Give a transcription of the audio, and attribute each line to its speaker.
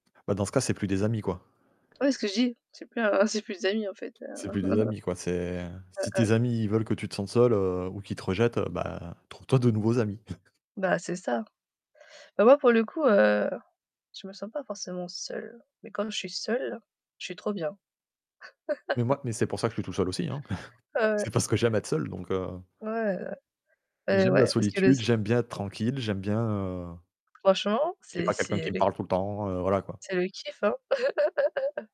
Speaker 1: Bah, dans ce cas, c'est plus des amis quoi.
Speaker 2: Ouais, ce que je dis, c'est plus c'est plus d'amis en fait. Heu
Speaker 1: C'est plus des amis, quoi, c'est si
Speaker 2: heu.
Speaker 1: tes amis ils veulent que tu te sentes, heu, seul ou qu'ils te rejettent, bah trouve-toi de nouveaux
Speaker 2: Mmh.
Speaker 1: amis.
Speaker 2: Bah, c'est ça. Bah, moi pour le coup, heu, je me sens pas forcément seule, mais comme je suis seule je suis trop bien.
Speaker 1: Mais moi mais c'est pour ça que je suis tout seul aussi.
Speaker 2: Heu
Speaker 1: C'est parce que j'aime être seul donc heu
Speaker 2: Ouais. Eh
Speaker 1: J'aime la
Speaker 2: ouais, parce que les
Speaker 1: solitude,
Speaker 2: s
Speaker 1: j'aime bien être tranquille, j'aime bien heu
Speaker 2: Franchement
Speaker 1: qu'il n'y
Speaker 2: c'est
Speaker 1: pas quelqu'un
Speaker 2: c'est
Speaker 1: qui me
Speaker 2: les
Speaker 1: parle tout le temps, voilà quoi.
Speaker 2: c'est le kiff, hein.